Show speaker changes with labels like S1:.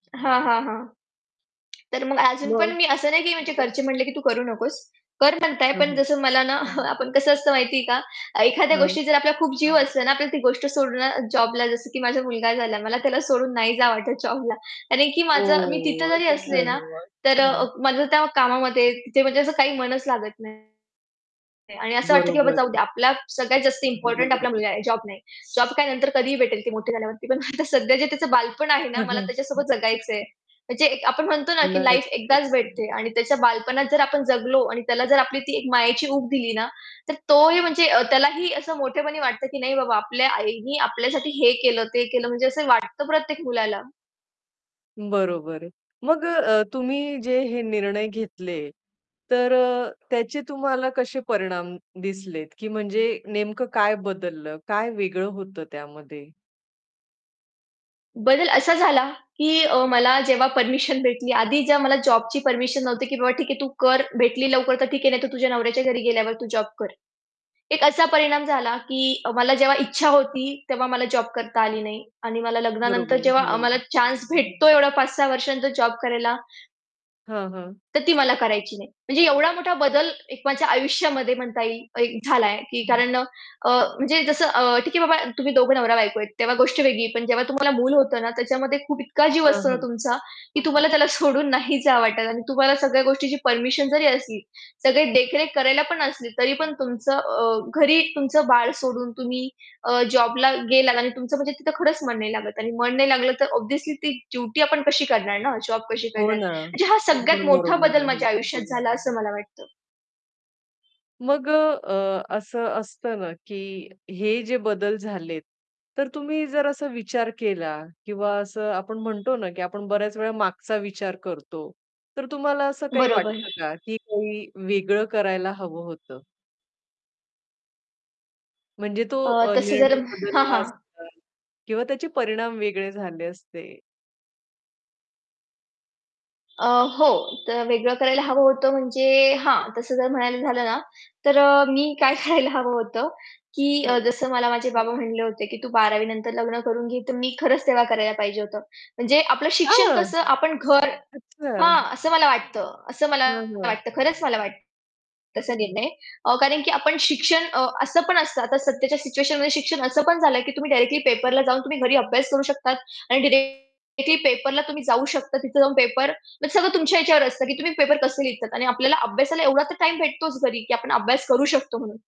S1: हां, हां, हां. तर मग अजून पण
S2: मग.
S1: मी असं नाही, की घरचे म्हटले, की "तू करू नकोस." कर म्हणताय,
S2: हां,
S1: पण
S2: हां.
S1: जसं मला ना, आपण कसं असतं, माहितीये का? एखाद्या
S2: हां.
S1: गोष्टी जर आपल्याला खूप जीव असतो ना, आपल्याला ती गोष्ट सोडणं जॉबला जसं की माझा मुलगा झाला, मला त्याला सोडून नाही जावं वाटत जॉबला. कारण की माझं मी तिथे
S2: ओह,
S1: जरी असले
S2: अच्छा.
S1: ना, तर अ, माझं त्या कामामध्ये, तिथे म्हणजे असं काही मनच लागत नाही. आणि असं वाटतं, की "बाबा,
S2: बरोबर
S1: जाऊ
S2: आहे.
S1: द्या. आपल्याला सगळ्यात जास्त इम्पोर्टंट आपला मुलगा आहे, जॉब नाही. जॉब काय, नंतर कधीही भेटेल, ती मोठी झाल्यावरती पण आता सध्या जे त्याचं बालपण आहे ना, मला त्याच्यासोबत जगायचंय." म्हणजे एक आपण म्हणतो ना, की लाईफ
S2: नक्कीच.
S1: एकदाच भेटते. आणि त्याच्या बालपणात जर आपण जगलो आणि त्याला जर आपली ती एक मायेची ऊब दिली ना, तर तोही म्हणजे अ, त्यालाही असं मोठेपणी वाटतं, की "नाही बाबा, आपल्या आईने आपल्यासाठी हे केलं, ते केलं." म्हणजे असं वाटतं प्रत्येक मुलाला.
S2: बरोबर आहे. मग अ, अ, तुम्ही जे हे निर्णय घेतले, तर अ, त्याचे तुम्हाला कसे परिणाम दिसलेत? की म्हणजे नेमकं काय बदललं? काय वेगळं होतं त्यामध्ये?
S1: बदल असा झाला, की अ, मला जेव्हा परमिशन भेटली. आधी जेव्हा मला जॉबची परमिशन नव्हती, की "बाबा, ठीक आहे, तू कर. भेटली लवकर, तर ठीक आहे, नाही तर तुझ्या नवऱ्याच्या घरी गेल्यावर तू जॉब कर." एक असा परिणाम झाला, की मला जेव्हा इच्छा होती, तेव्हा मला जॉब करता आली नाही. आणि मला लग्नानंतर
S2: बरोबर आहे,
S1: जेव्हा अ, मला
S2: हो.
S1: चान्स भेटतो, 5-6 वर्षानंतर जॉब करायला
S2: हां, हां.
S1: तर ती मला करायची नाही. म्हणजे एवढा मोठा बदल एक माझ्या आयुष्यामध्ये म्हणता येईल, एक झालाय. की
S2: हं.
S1: कारण अ, अ, म्हणजे जसं अ, "ठीक आहे बाबा, तुम्ही दोघं नवरा-बायको आहेत." तेव्हा गोष्ट वेगळी आहे. पण जेव्हा तुम्हाला मूल होतं ना, त्याच्यामध्ये खूप इतका जीव
S2: हां,
S1: असतो ना
S2: हां.
S1: तुमचा, की तुम्हाला त्याला सोडून नाही जावं वाटत. आणि तुम्हाला सगळ्या गोष्टीची परमिशन जरी असली, सगळे देखरेख करायला पण असली, तरी पण तुमचं अ, घरी तुमचं बाळ सोडून तुम्ही अ, जॉबला गेलात आणि तुमचं म्हणजे तिथं खरंच मन नाही लागत आणि मन नाही लागलं, तर ऑब्व्हियसली ती ड्युटी आपण कशी करणार ना? जॉब कशी
S2: हो
S1: करणार?
S2: ना.
S1: म्हणजे हा
S2: ते
S1: सगळ्यात
S2: पण
S1: मोठा
S2: बरोबर
S1: बदल
S2: आहे.
S1: माझ्या आयुष्यात झाला, असं मला वाटतं.
S2: मग अ, अ, असं असतं ना, की हे जे बदल झालेत, तर तुम्ही जर असा विचार केला किंवा असं आपण म्हणतो ना, की आपण बऱ्याच वेळा मागचा विचार करतो. तर तुम्हाला असं काही
S1: बरोबर.
S2: वाटतं का, की काही वेगळं करायला हवं होतं? म्हणजे तो
S1: अ,
S2: अ,
S1: तसं
S2: निर्णय
S1: जर हां,
S2: बदलला
S1: हां.
S2: असता. किंवा त्याचे परिणाम वेगळे झाले असते.
S1: अ, हो. तर वेगळं करायला हवं होतं म्हणजे हां, तसं जर म्हणायला झालं ना, तर अ, मी काय करायला हवं होतं? की
S2: हां.
S1: जसं मला माझे बाबा म्हणाले होते, की "तू 12वी नंतर लग्न करून घे," तर मी खरंच तेव्हा करायला पाहिजे होतं. म्हणजे आपलं शिक्षण,
S2: हां
S1: कसं आपण, घर
S2: अच्छा.
S1: हां, असं मला वाटतं. असं मला
S2: हां, हां.
S1: वाटतं, खरंच मला वाटतं. तसा निर्णय. हो, कारण की आपण शिक्षण अ, असं पण असतं आता सध्याच्या सिच्युएशनमध्ये शिक्षण असं पण झालंय, की तुम्ही डायरेक्टली पेपरला जाऊन तुम्ही घरी अभ्यास करू शकतात. आणि डायरेक्टली पेपरला तुम्ही जाऊ शकता. तिथे जाऊन पेपर, म्हणजे सगळं तुमच्या याच्यावर असतं, की तुम्ही पेपर कसे लिहितात. आणि आपल्याला अभ्यासाला एवढा तर टाईम भेटतोच घरी, की आपण अभ्यास करू शकतो, म्हणून.